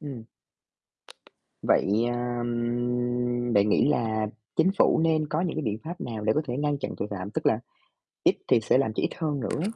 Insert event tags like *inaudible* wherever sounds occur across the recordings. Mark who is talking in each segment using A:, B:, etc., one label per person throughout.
A: Ừm. Vậy, ờm, bạn nghĩ là Chính phủ nên có những cái biện pháp nào để có thể ngăn chặn tội phạm, tức là ít thì sẽ làm cho ít hơn nữa ấy.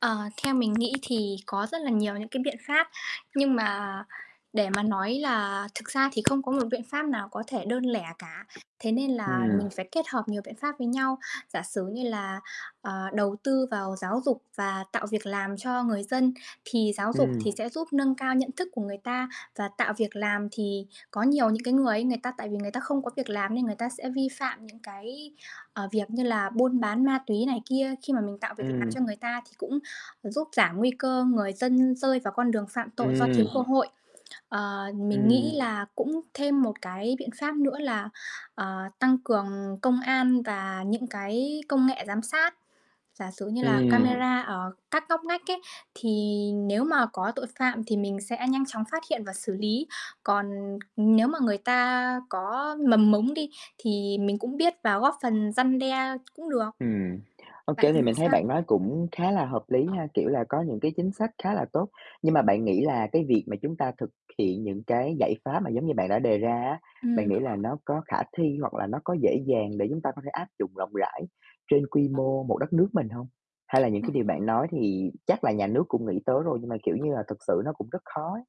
B: Ờ, theo mình nghĩ thì có rất là nhiều những cái biện pháp, nhưng mà để mà nói là thực ra thì không có một biện pháp nào có thể đơn lẻ cả. Thế nên là mình
A: Ừm.
B: phải kết hợp nhiều biện pháp với nhau. Giả sử như là, ờ, đầu tư vào giáo dục và tạo việc làm cho người dân, thì giáo dục
A: Ừm.
B: thì sẽ giúp nâng cao nhận thức của người ta và tạo việc làm thì có nhiều những cái người ấy, người ta tại vì người ta không có việc làm nên người ta sẽ vi phạm những cái, ờ, việc như là buôn bán ma túy này kia, khi mà mình tạo việc làm
A: Ừm.
B: cho người ta thì cũng giúp giảm nguy cơ người dân rơi vào con đường phạm tội do thiếu
A: Ừm.
B: cơ hội. Ờ, mình nghĩ
A: Ừm.
B: là cũng thêm một cái biện pháp nữa là, ờ, tăng cường công an và những cái công nghệ giám sát, giả sử như là
A: Ừm.
B: camera ở các ngóc ngách ấy, thì nếu mà có tội phạm thì mình sẽ nhanh chóng phát hiện và xử lý. Còn nếu mà người ta có mầm mống đi thì mình cũng biết và góp phần răn đe cũng được.
A: Ừm, ô
B: Bạn
A: kê, thì
B: nghĩ
A: mình thấy
B: sao?
A: bạn nói cũng khá là hợp lý ha, kiểu là, có những cái chính sách khá là tốt. Nhưng mà bạn nghĩ là cái việc mà chúng ta thực hiện những cái giải pháp mà giống như bạn đã đề ra á, bạn nghĩ là
B: Ừm.
A: nó có khả thi, hoặc là nó có dễ dàng để chúng ta có thể áp dụng rộng rãi trên quy mô một đất nước mình hông? Hay là những cái điều
B: *unintelligible*
A: bạn nói thì chắc là nhà nước cũng nghĩ tới rồi nhưng mà, kiểu như là, thực sự nó cũng rất khó ấy?